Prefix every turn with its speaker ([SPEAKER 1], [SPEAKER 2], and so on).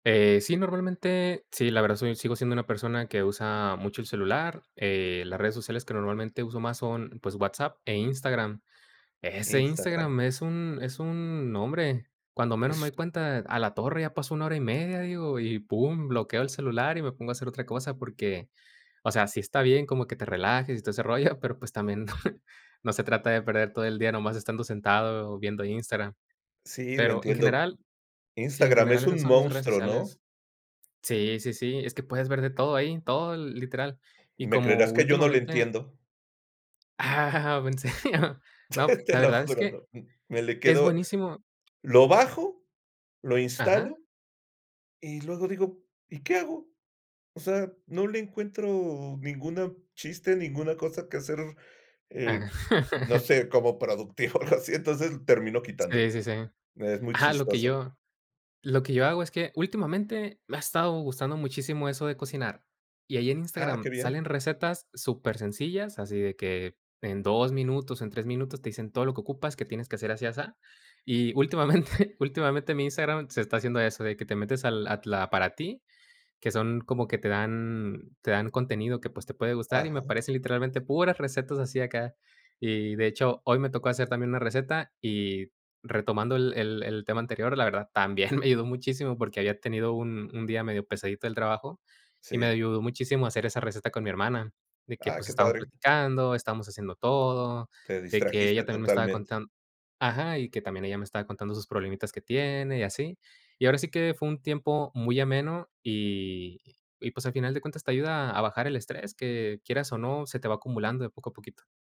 [SPEAKER 1] Eh, sí, normalmente, sí, la verdad, soy sigo siendo una persona que usa mucho el celular, eh, las redes sociales, que normalmente uso más son, pues, WhatsApp, e, Instagram. Ese
[SPEAKER 2] Instagram.
[SPEAKER 1] Instagram, es un es un no, hombre, cuando menos me doy
[SPEAKER 2] [unintelligible]
[SPEAKER 1] cuenta, a la torre, ya pasó 1 hora y 1/2, digo, y pum, bloqueo el celular, y me pongo a hacer otra cosa, porque, o sea, sí está bien, como que te relajes y todo ese rollo, pero, pues, también, no se trata de perder todo el día nomás estando sentado o viendo Instagram.
[SPEAKER 2] Sí, lo
[SPEAKER 1] Pero, en
[SPEAKER 2] entiendo.
[SPEAKER 1] general, sí, en
[SPEAKER 2] Instagram,
[SPEAKER 1] general,
[SPEAKER 2] es
[SPEAKER 1] esas
[SPEAKER 2] un
[SPEAKER 1] son mis redes
[SPEAKER 2] monstruo, ¿no?
[SPEAKER 1] sociales. Sí, sí, sí, es que, puedes ver de todo ahí, todo l literal, y
[SPEAKER 2] Me
[SPEAKER 1] como
[SPEAKER 2] creerás que yo no le
[SPEAKER 1] últimamente
[SPEAKER 2] entiendo.
[SPEAKER 1] ah en serio. No,
[SPEAKER 2] Te
[SPEAKER 1] la
[SPEAKER 2] lo
[SPEAKER 1] verdad es
[SPEAKER 2] juro,
[SPEAKER 1] que,
[SPEAKER 2] no, me le
[SPEAKER 1] es
[SPEAKER 2] quedo
[SPEAKER 1] buenísimo.
[SPEAKER 2] lo bajo, lo
[SPEAKER 1] Ajá.
[SPEAKER 2] instalo, y luego digo: "¿Y qué hago?" O sea, no le encuentro, ninguna chiste, ninguna cosa que hacer, eh, no sé, como productivo, algo así entonces, termino
[SPEAKER 1] Sí,
[SPEAKER 2] quitándolo.
[SPEAKER 1] sí, sí.
[SPEAKER 2] Es muy
[SPEAKER 1] Ajá, lo que
[SPEAKER 2] chistoso.
[SPEAKER 1] yo lo que yo hago, es que, últimamente, me ha estado gustando muchísimo eso de cocinar. Y ahí en
[SPEAKER 2] Ah, qué
[SPEAKER 1] Instagram salen
[SPEAKER 2] bien.
[SPEAKER 1] recetas super sencillas, así de que, en 2 minutos, en 3 minutos, te dicen todo lo que ocupas, que tienes que hacer así, asá. Y, últimamente últimamente mi Instagram, se está haciendo eso, de que te metes, al at la para ti. Que son, como que te dan te dan contenido que, pues, te puede gustar, y me
[SPEAKER 2] Ajá.
[SPEAKER 1] aparecen literalmente, puras recetas así acá. Y de hecho, hoy me tocó hacer también una receta. Y, retomando, el el el tema anterior, la verdad también me ayudó muchísimo, porque había tenido, un un día medio pesadito del trabajo, y me
[SPEAKER 2] Sí.
[SPEAKER 1] ayudó muchísimo hacer esa receta con mi hermana, de que,
[SPEAKER 2] Ah,
[SPEAKER 1] pues,
[SPEAKER 2] qué
[SPEAKER 1] estábamos
[SPEAKER 2] padre.
[SPEAKER 1] platicando, estábamos haciendo todo,
[SPEAKER 2] Te
[SPEAKER 1] de que ella
[SPEAKER 2] distrajiste,
[SPEAKER 1] también me estaba
[SPEAKER 2] totalmente.
[SPEAKER 1] contand Ajá, y que también ella me estaba contando sus problemitas que tiene, y así. Y, ahora sí, que fue un tiempo, muy ameno, y y pues, al final de cuentas, te ayuda a bajar el estrés, que quieras o no, se te va acumulando, de poco a poquito.